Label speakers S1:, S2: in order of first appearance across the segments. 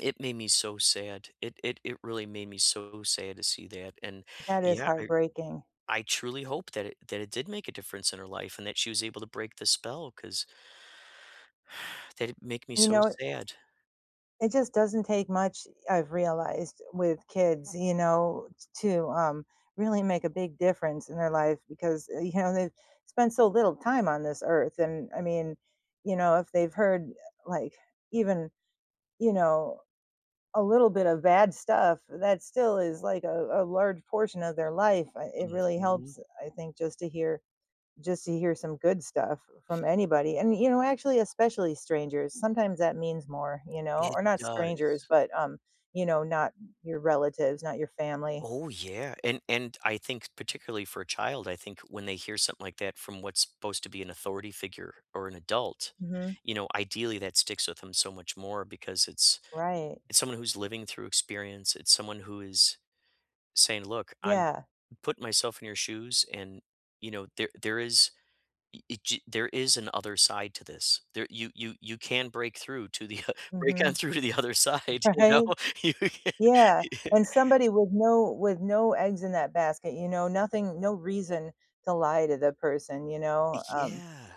S1: It made me so sad. It it it really made me so sad to see that, and,
S2: That is
S1: yeah, I
S2: heartbreaking.
S1: I truly hope that it that it did make a difference in her life and that she was able to break the spell 'cause, that'd make me
S2: You
S1: so
S2: know it
S1: sad.
S2: it just doesn't take much, I've realized, with kids, you know, t to, um, really make a big difference in their life because, uh, you know, they've spent so little time on this earth, and, I mean, you know, if they've heard, uh, like, even, you know, a little bit of bad stuff that still is like a a large portion of their life. I it really
S1: Mhm.
S2: helps, I think just to hear just to hear some good stuff from anybody and, you know, actually, especially strangers, sometimes that means more, you know,
S1: It
S2: or not strangers,
S1: does.
S2: but, um, you know, not your relatives, not your family.
S1: Oh, yeah, and and I think particularly for a child, I think when they hear something like that from what's supposed to be an authority figure or an adult,
S2: Mhm.
S1: you know, ideally, that sticks with them so much more because it's
S2: Right.
S1: it's someone who's living through experience. It's someone who is saying, "Look, I'm
S2: Yeah.
S1: put myself in your shoes, and, you know, there there is ee gee there is an other side to this. There you you you can break through to the uh, break on
S2: Mhm.
S1: through to the other side. You know?"
S2: Right.
S1: You can
S2: Yeah, and somebody with no with no eggs in that basket, you know, nothing no reason to lie to the person, you know. Um
S1: Yeah.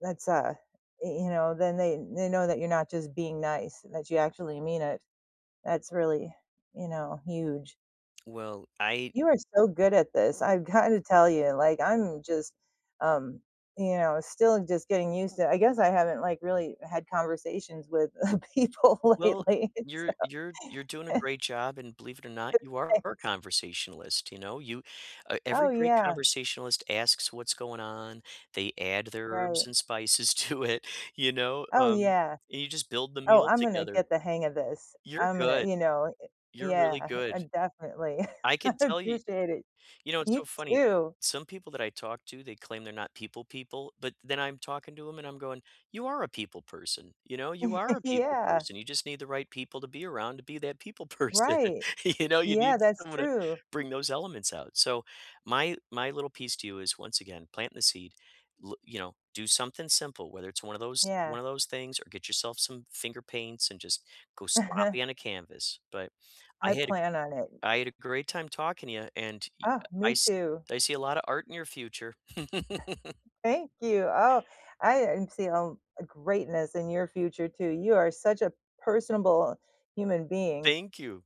S2: that's a y you know, then they they know that you're not just being nice, that you actually mean it. That's really, you know, huge.
S1: Well, I
S2: You are so good at this, I've gotta tell you, like, I'm just, um, you know, still just getting used to it. I guess I haven't like really had conversations with, uh, people
S1: Well,
S2: lately. So
S1: you're you're you're doing a great job, and believe it or not, you are a
S2: Thanks.
S1: conversationalist, you know? You uh,
S2: Oh,
S1: every great
S2: yeah.
S1: conversationalist asks what's going on. They add their
S2: Right.
S1: herbs and spices to it, you know,
S2: Oh,
S1: um,
S2: yeah.
S1: and you just build the
S2: Oh,
S1: meal
S2: I'm gonna
S1: together.
S2: get the hang of this.
S1: You're
S2: I'm gonna,
S1: good.
S2: you know eh
S1: You're really
S2: Yeah, I
S1: good.
S2: I definitely.
S1: I
S2: I
S1: can tell you
S2: appreciate it.
S1: you know, it's
S2: You
S1: so funny.
S2: too.
S1: Some people that I talk to, they claim they're not people people, but then I'm talking to 'em and I'm going, "You are a people person. You know, you are a people
S2: Yeah.
S1: person. You just need the right people to be around to be that people person.
S2: Right.
S1: You know, you
S2: Yeah,
S1: need
S2: that's
S1: someone to
S2: true.
S1: bring those elements out. So my my little piece to you is once again, planting the seed, lo you know, do something simple, whether it's one of those
S2: Yeah.
S1: one of those things or get yourself some finger paints and just go sloppy on a canvas. But I
S2: I
S1: had a
S2: plan on it.
S1: I had a great time talking to ya, and, ee
S2: Uh,
S1: a I
S2: me
S1: s
S2: too.
S1: I see a lotta art in your future.
S2: Thank you. Oh, I, um, see, um, a greatness in your future too. You are such a personable human being.
S1: Thank you.